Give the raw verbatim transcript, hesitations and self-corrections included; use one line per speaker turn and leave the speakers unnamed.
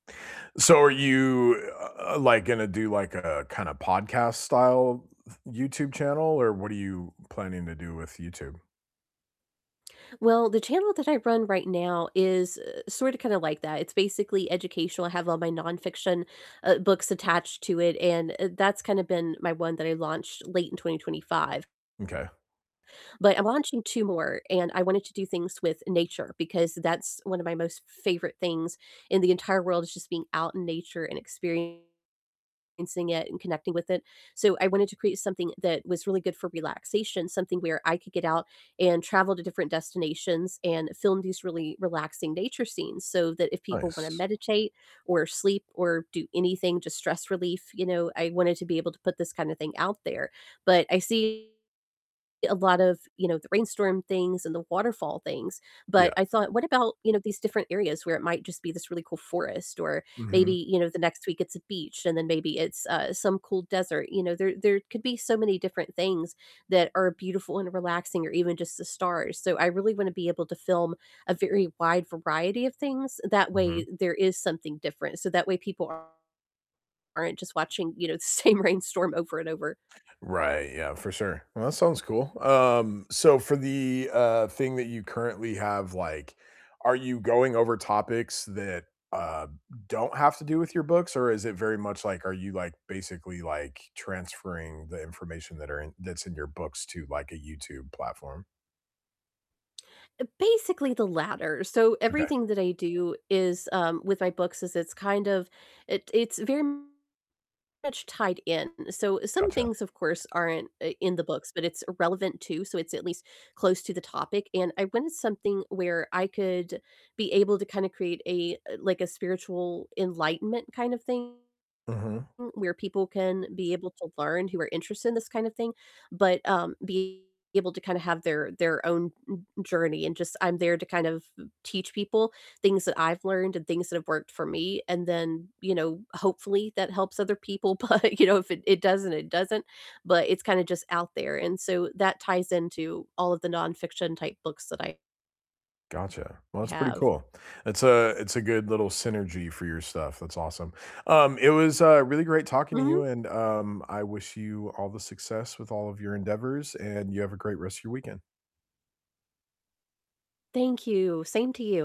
So are you, u uh, like, gonna do, like, a kinda podcast style YouTube channel, or what are you planning to do with YouTube?
Well, the channel that I run right now is, eh, sorta, kinda like that, it's basically educational, I have all my nonfiction, uh, books attached to it, and, uh, that's kinda been my one that I launched late in twenty twenty five.
M'kay.
But I'm launching two more, and I wanted to do things with nature, because that's one of my most favorite things in the entire world, is just being out in nature and experiencing it and connecting with it, so I wanted to create something that was really good for relaxation, something where I could get out and travel to different destinations and film these really relaxing nature scenes, so that if people wanna
Nice.
meditate or sleep or do anything, just stress relief, you know, I wanted to be able to put this kinda thing out there, but I see a lot of, you know, the rainstorm things and the waterfall things, but
Yeah.
I thought, "What about, you know, these different areas where it might just be this really cool forest," or maybe,
Mhm.
you know, the next week it's a beach, and then maybe it's, uh, some cool desert, you know, there there could be so many different things that are beautiful and relaxing, or even just the stars, so I really wanna be able to film a very wide variety of things, that way
Mhm.
there is something different, so that way people aren't just watching, you know, the same rainstorm over and over.
Right, yeah, for sure. Well, that sounds cool, um, so for the, uh, thing that you currently have, like, are you going over topics that, uh, don't have to do with your books? Or is it very much like, are you, like, basically, like, transferring the information that are in that's in your books to, like, a YouTube platform?
Uh, basically, the latter, so
M'kay.
everything that I do is, um with my books is it's kind of it, it's very much tied in, so some
Gotcha.
things, of course, aren't, uh, in the books, but it's relevant, too, so it's at least close to the topic, and I wanted something where I could be able to kinda create a like, a spiritual enlightenment kind of thing
Mhm.
where people can be able to learn, who are interested in this kind of thing, but, um, be able to kinda have their their own m journey, and just, I'm there to kind of teach people things that I've learned and things that have worked for me, and then, you know, hopefully that helps other people, but you know, if it it doesn't, it doesn't, but it's kinda just out there, and so that ties into all of the nonfiction-type books that I
Gotcha. Well, that's pretty
have.
cool, it's a it's a good little synergy for your stuff, that's awesome, um, it was, uh, really great talking to
Mhm.
you, and, um, I wish you all the success with all of your endeavors, and you have a great rest of your weekend.
Thank you, same to you.